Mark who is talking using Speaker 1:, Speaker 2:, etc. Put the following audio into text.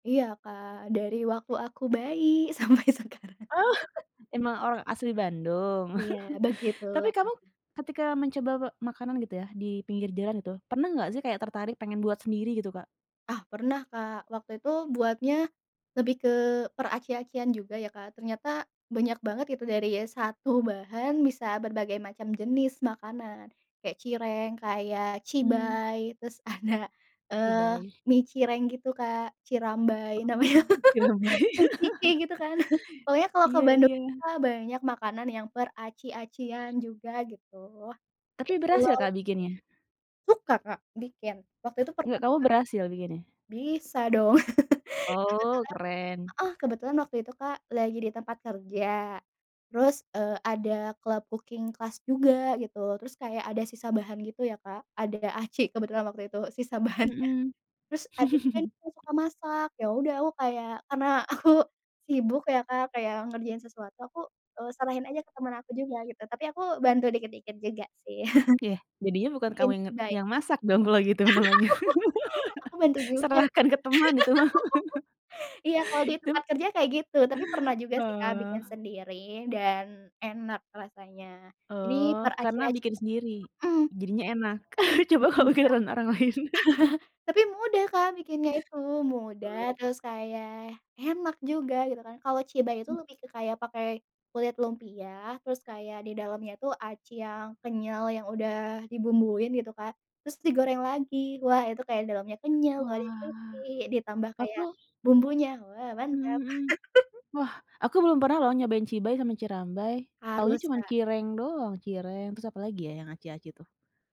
Speaker 1: Iya, Kak, dari waktu aku bayi sampai sekarang.
Speaker 2: Oh, emang orang asli Bandung?
Speaker 1: Iya,
Speaker 2: Tapi
Speaker 1: begitulah.
Speaker 2: kamu ketika mencoba me makanan gitu ya, di pinggir jalan itu, pernah nggak sih kayak tertarik pengen buat sendiri gitu, Kak?
Speaker 1: Ah, pernah, Kak, waktu itu buatnya, lebih ke peraci-acian juga ya, Kak, ternyata banyak banget itu dari 1 bahan bisa berbagai macam jenis makanan, kayak cireng, kayak
Speaker 2: Hmm.
Speaker 1: cibay terus ada, eee,
Speaker 2: Cibay.
Speaker 1: mie cireng gitu, Kak, cirambay
Speaker 2: Oh,
Speaker 1: namanya,
Speaker 2: cirambay.
Speaker 1: ci-ci-ci gitu kan. Pokoknya kalau ke
Speaker 2: Iya
Speaker 1: Bandung
Speaker 2: iya.
Speaker 1: [unintelligible] banyak makanan yang peraci-acian juga gitu. Kaya
Speaker 2: Tapi berhasil,
Speaker 1: cilok.
Speaker 2: Kak, bikinnya?
Speaker 1: Suka, Kak, bikin. Waktu itu
Speaker 2: Nggak,
Speaker 1: pernah
Speaker 2: kamu
Speaker 1: juga.
Speaker 2: berhasil bikinnya?
Speaker 1: Bisa dong. Kebetulan
Speaker 2: Oh, keren.
Speaker 1: heeh, kebetulan waktu itu, Kak, lagi di tempat kerja terus, eee, ada club cooking class juga gitu terus kayak ada sisa bahan gitu ya, Kak, ada aci kebetulan waktu itu sisa bahannya.
Speaker 2: Mhm.
Speaker 1: Terus ada temen aku juga suka masak, yaudah aku kayak karena aku sibuk ya, Kak, kayak ngerjain sesuatu aku, eee, serahin aja ke temen aku juga gitu, tapi aku bantu dikit-dikit juga sih.
Speaker 2: Iya, jadinya bukan
Speaker 1: Bikin
Speaker 2: kamu yang nge
Speaker 1: cibay.
Speaker 2: yang masak dong kalo gitu namanya.
Speaker 1: Aku bantuin juga, Kak.
Speaker 2: Serahkan ke teman itu mah.
Speaker 1: Iya, kalo di
Speaker 2: Dia m
Speaker 1: tempat kerja kayak gitu, tapi pernah juga sih, Kak, bikin
Speaker 2: Oh.
Speaker 1: sendiri, dan enak rasanya. Jadi
Speaker 2: Oh, karena
Speaker 1: peraci-acian
Speaker 2: bikin sendiri.
Speaker 1: mhm.
Speaker 2: Jadinya enak.
Speaker 1: [unintelligible]
Speaker 2: Coba kalo bikinan orang lain.
Speaker 1: .Tapi mudah, Kak, bikinnya itu, mudah
Speaker 2: Oh.
Speaker 1: terus kayak enak juga gitu kan. Kalau cibay itu
Speaker 2: Mmm.
Speaker 1: lebih ke kayak pakai kulit lumpia, terus kayak di dalamnya itu aci yang kenyal yang udah dibumbuin gitu, Kak, terus digoreng lagi. Wah, itu kayak dalemnya kenyal, luatnya
Speaker 2: Wah,
Speaker 1: crispy, ditambah
Speaker 2: aku
Speaker 1: kayak bumbunya, wah
Speaker 2: Mhm
Speaker 1: mantap.
Speaker 2: mhm. Wah, aku belum pernah loh nyobain cibay sama cirambay, taunya
Speaker 1: Harus,
Speaker 2: cuman
Speaker 1: Kak.
Speaker 2: cireng doang, cireng, terus apalagi ya, yang aci-aci tuh?